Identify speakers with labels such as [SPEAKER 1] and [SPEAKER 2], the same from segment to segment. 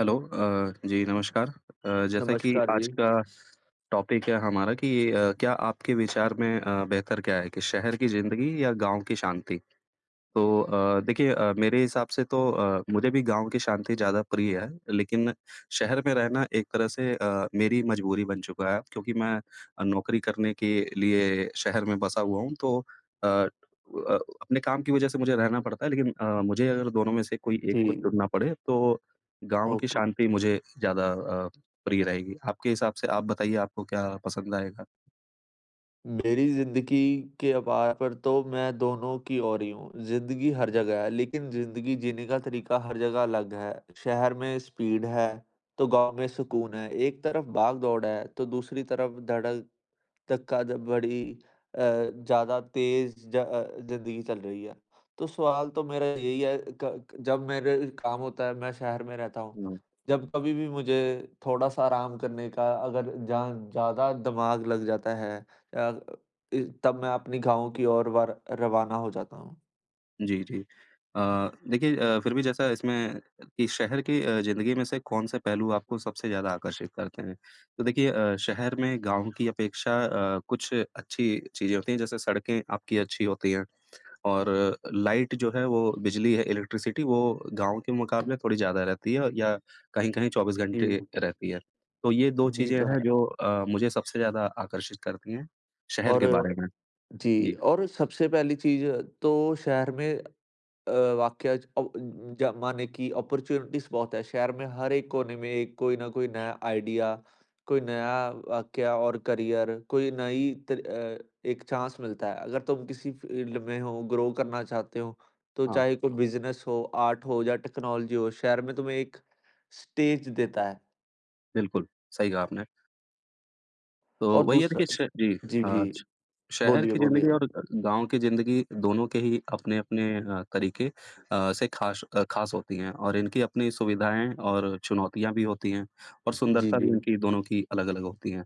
[SPEAKER 1] Hello. अ, जी नमस्कार। अ, जैसा कि
[SPEAKER 2] नमस्कार जी।
[SPEAKER 1] आज का टॉपिक है हमारा कि अ, क्या आपके विचार में अ, बेहतर क्या है कि शहर की ज़िंदगी या गाँव की शांति? तो अ, देखिए अ, मेरे हिसाब से तो अ, मुझे भी गाँव की शांति ज़्यादा प्रिय है। लेकिन शहर में रहना एक तरह से अ, मेरी मजबूरी बन चुका है, क्योंकि मैं अ, नौकरी करने के लिए शहर में बसा हुआ हूँ तो अ, उ अ, अपने काम की वजह से मुझे रहना पड़ता है, लेकिन अ, मुझे अगर दोनों में से कोई एक को
[SPEAKER 2] जी।
[SPEAKER 1] चुनना पड़े, तो गाँव की
[SPEAKER 2] ओके।
[SPEAKER 1] शांति मुझे ज़्यादा अ, प्रिय रहेगी। आपके हिसाब से आप बताइए आपको क्या पसंद आएगा?
[SPEAKER 2] मेरी ज़िंदगी के अबा पर तो मैं दोनों की ओर ही हूँ, ज़िंदगी हर जगह है लेकिन ज़िंदगी जीने का तरीका हर जगह अलग है। शहर में स्पीड है, तो गाँव में सुकून है, एक तरफ़ भागदौड़ है तो दूसरी तरफ़ धड़क धक्का द बड़ी अ, ज़्यादा तेज़ ज अ, ज़िंदगी चल रही है। तो सवाल तो मेरा यही है कक जब मेरे काम होता है मैं शहर में रहता हूँ,
[SPEAKER 1] हुँ।
[SPEAKER 2] जब कभी भी मुझे थोड़ा-सा आराम करने का अगर जहाँ ज़्यादा दिमाग लग जाता है अ, इ तब मैं अपनी गाँवों की ओर वार रवाना हो जाता हूँ।
[SPEAKER 1] जी, जी। अ, देखिए अ, फिर भी जैसा इसमें कि शहर की अ, ज़िंदगी में से कौन-सा पहलू आपको सबसे ज़्यादा आकर्षित करते हैं? तो देखिए अ, शहर में गाँव की अपेक्षा अ, कुछ अच्छी चीज़ें होती हैं, जैसे सड़कें आपकी अच्छी होती हैं और लाइट जो है वो बिजली है, इलेक्ट्रिसिटी वो गाँव के मुकाबले थोड़ी ज़्यादा रहती है औ या कहीं-कहीं 24 घंटे
[SPEAKER 2] जी।
[SPEAKER 1] रहती है। तो ये 2
[SPEAKER 2] जी,
[SPEAKER 1] चीज़ें
[SPEAKER 2] तो
[SPEAKER 1] हैं
[SPEAKER 2] है।
[SPEAKER 1] जो अ, मुझे सबसे ज़्यादा आकर्षित करती हैं, शहर
[SPEAKER 2] और
[SPEAKER 1] के बारे में।
[SPEAKER 2] जी।
[SPEAKER 1] जी।
[SPEAKER 2] और सबसे पहली चीज़ तो शहर में अ, वाकया ज अ, उ जमाने कि अपॉर्चुनिटीज़ बहुत है। शहर में हर एक कोने में एक कोई ना कोई नया आइडिया, कोई नया वाकया और करियर, कोई नई त अ, एक चांस मिलता है। अगर तुम किसी फील्ड में हो, ग्रो करना चाहते हो, तो
[SPEAKER 1] हाँ।
[SPEAKER 2] चाहे तो कोई बिज़नेस हो, आर्ट हो या टेक्नोलॉजी हो, शहर में तुम्हें एक स्टेज देता है।
[SPEAKER 1] बिल्कुल, सही कहा आपने। तो
[SPEAKER 2] और
[SPEAKER 1] वही है,
[SPEAKER 2] दूसरा
[SPEAKER 1] देखिए, श जी,
[SPEAKER 2] जी, जी।
[SPEAKER 1] आज शहर
[SPEAKER 2] बोलिए,
[SPEAKER 1] की
[SPEAKER 2] बोलिए।
[SPEAKER 1] ज़िंदगी और अ, गाँव की ज़िंदगी दोनों के ही अपने-अपने अ, तरीके अ, से ख़ाश अ, ख़ास होती हैं और इनकी अपनी सुविधाएँ और चुनौतियाँ भी होती हैं, और
[SPEAKER 2] जी,
[SPEAKER 1] सुंदरता भी
[SPEAKER 2] जी।
[SPEAKER 1] इनकी दोनों की अलग-अलग होती हैं।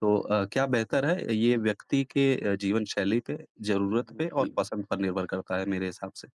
[SPEAKER 1] तो अ, क्या बेहतर है? अ, ये व्यक्ति के अ, जीवनशैली पे,
[SPEAKER 2] उ
[SPEAKER 1] ज़रूरत पे और
[SPEAKER 2] जी।
[SPEAKER 1] पसंद पर निर्भर करता है मेरे हिसाब से।